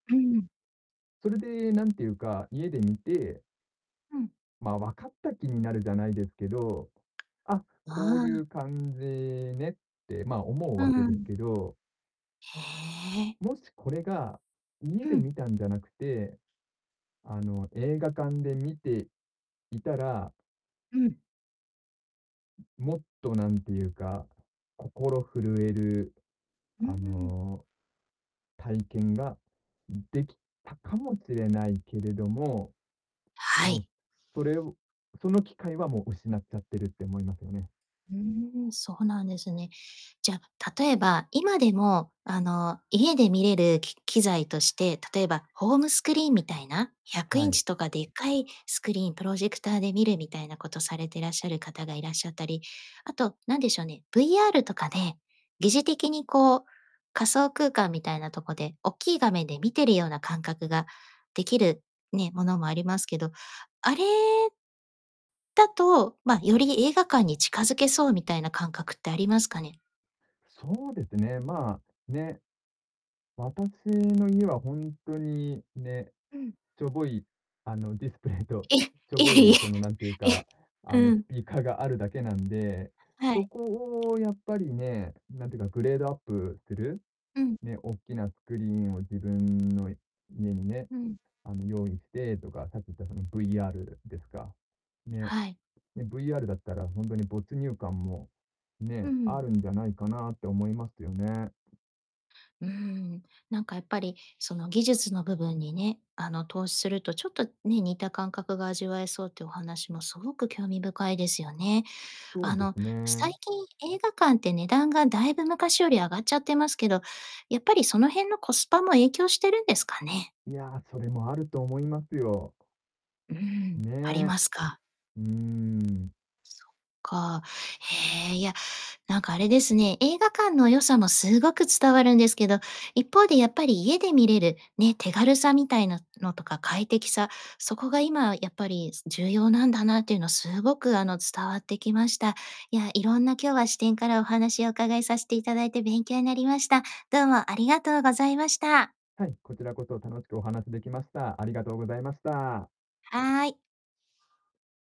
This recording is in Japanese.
うん。それで、なんていうか、家で見てうん。まあ、分かった気になるじゃないですけど、あ、こうあいあ。う感じねってまあ、思ううーわけですん。けど。ええ。もしこれが、家うでん。見たんじゃなくて、あの、映画館で見ていたらうん。もっと何ていうか、心震える、うんうあん。の、体験ができたかもしれないけれども、はもう、い。それその機会はもう失っちゃってるって思いますよね。ふーん、そうなんですね。じゃ、例えば、今でもあの家で見れるき機材として、例えばホームスクリーンみたいな、ひゃくはインい。チとかでっかいスクリーン、プロジェクターで見るみたいなことされてらっしゃる方がいらっしゃったり、あと何でしょうね、VR とかで、疑似的にこう、仮想空間みたいなとこで、おっきい画面で見てるような感覚ができるね、ものもありますけど、あれだと、まあ、より映画館に近づけそうみたいな感覚ってありますかね？そうですね、まあ、ね。私の家はほんとに、ね、うん。しょぼいあのディスプレイと、え、いしょぼえ-いいそのなんていうえ、え、か、あのうスん。ピーカーがあるだけなんで、はい。そこをやっぱりね、なんていうかグレードアップする、うん。ね、おっきなスクリーンを自分の家にね、うん。あの、用意してとか、さっき言ったその VR ですか。ね。はい。で、VR だったらほんとに没入感も、うね、んうあるん。んじゃないかなって思いますよね。うーん、なんかやっぱりその技術の部分にね、あの投資するとちょっとね、似た感覚が味わえそうっていうお話もすごく興味深いですよね。そうあでの、すね。最近映画館って値段がだいぶ昔より上がっちゃってますけど、やっぱりその辺のコスパも影響してるんですかね。いや、それもあると思いますよ。うーん、ありね。ますか？うーん。そっか。ええ、いや、なんかあれですね、映画館の良さもすごく伝わるんですけど、一方でやっぱり家で見れる、ね、手軽さみたいなのとか快適さ、そこが今やっぱり、す重要なんだなっていうのはすごくあの、伝わってきました。いや、いろんな今日は視点からお話をお伺いさせていただいて勉強になりました。どうも、ありがとうございました。はい、こちらこそ楽しくお話しできました。ありがとうございました。はーい。